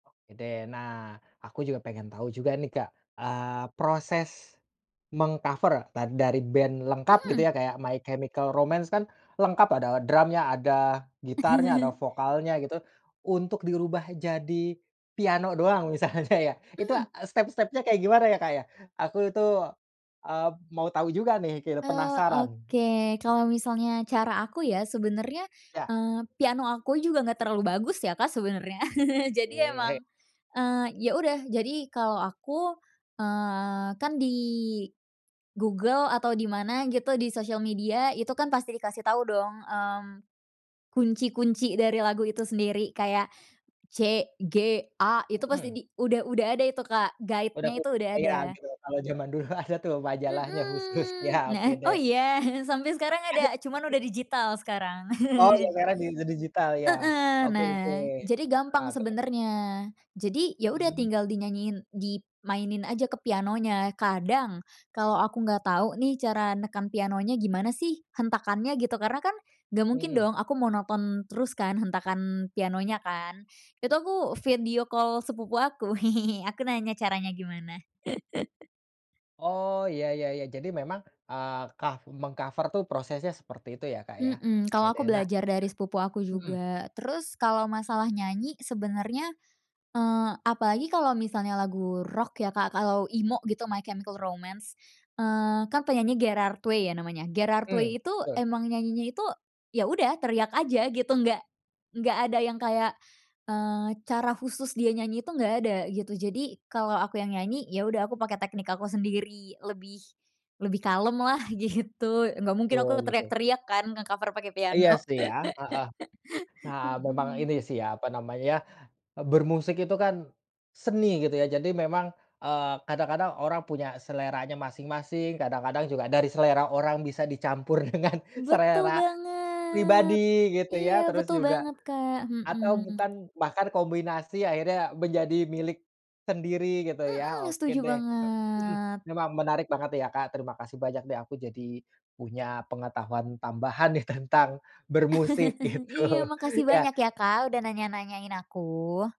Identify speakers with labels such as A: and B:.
A: Oke deh, nah, aku juga pengen tahu juga nih Kak, eee, proses meng-cover ta dari band lengkap gitu ya
B: Mhm.
A: kayak My Chemical Romance kan, lengkap ada drumnya, ada gitarnya, ada vokalnya gitu, untuk dirubah jadi piano doang, misalnya ya, itu,
B: Mhm.
A: eee, step-stepnya kayak gimana ya Kak ya? Aku itu, eee, mau tahu juga nih keru
B: Eee,
A: penasaran.
B: oke. Kalau misalnya cara aku ya sebenernya,
A: Ya.
B: eee, piano aku juga nggak terlalu bagus ya Kak, sebenernya. Jadi
A: Oke.
B: emang, eee, ya udah, jadi kalau aku, eee, kan di Google atau di mana gitu, di sosial media itu kan pasti dikasih tahu dong, mmm, kunci-kunci dari lagu itu sendiri, kayak C-G-A itu pasti
A: Hmm.
B: di udah udah ada itu Kak,
A: Udah
B: guide-nya
A: ku
B: itu udah
A: [unintelligible]
B: ada.
A: gitu, kalau zaman dulu ada tuh majalahnya
B: Mhm.
A: khususnya,
B: Nah,
A: oke
B: oh
A: deh.
B: iya? Sampai sekarang
A: Ada
B: ada, cuman
A: mhm
B: udah digital sekarang.
A: Oh yang merah di digital, ya.
B: Heeh.
A: Oke oke.
B: Nah, jadi
A: Heeh,
B: gampang
A: terus?
B: sebenernya. Jadi ya udah
A: Mmm.
B: tinggal dinyanyiin dimainin aja ke pianonya. Kadang, kalo aku nggak tahu nih cara neken pianonya gimana sih, hentakannya gitu, karena kan nggak mungkin
A: Hmm.
B: dong aku monoton terus kan hentakan pianonya kan, itu aku video call sepupu aku, aku nanya caranya gimana.
A: Oh, ya ya ya. Jadi memang, eee, cov meng-cove tuh prosesnya seperti itu ya Kak, ya?
B: Hmm,
A: Iya
B: kalau
A: deh.
B: aku
A: Nah
B: belajar dari sepupu aku
A: Mhm.
B: juga. Terus kalau masalah nyanyi sebenernya, eee, apalagi kalau misalnya lagu rock ya Kak, kalau emo gitu, My Chemical Romance, eee kan penyanyinya Gerard Way ya namanya, Gerard
A: Mmm.
B: Way itu
A: Betul.
B: emang nyanyinya itu, ya udah teriak aja gitu, nggak nggak ada yang kayak, eee, cara khusus dia nyanyi itu nggak ada, gitu. Jadi kalau aku yang nyanyi, ya udah aku pakai teknik aku sendiri lebih lebih kalem lah, gitu. Nggak mungkin aku
A: Tul betul.
B: teriak-teriak kan, nge-cover pakai
A: Iya
B: piano.
A: sih, ya. Heeh. Nah memang
B: Hmm.
A: ini sih ya, apa namanya, bermusik itu kan seni, gitu ya. Jadi memang, eee, kadang-kadang orang punya seleranya masing-masing, kadang-kadang juga dari selera orang bisa dicampur dengan
B: Betul
A: selera
B: banget.
A: pribadi, gitu
B: Iya,
A: ya. Terus
B: betul
A: juga,
B: banget Kak,
A: atau
B: hmm.
A: bukan bahkan kombinasi akhirnya menjadi milik sendiri, gitu ya.
B: Mhm,
A: Oke
B: setuju
A: deh, eee, mhm,
B: banget.
A: memang menarik banget ya Kak, terima kasih banyak deh, aku jadi punya pengetahuan tambahan nih tentang bermusik,
B: Iya
A: gitu,
B: makasih banyak
A: ya.
B: ya Kak udah nanya-nanyain aku.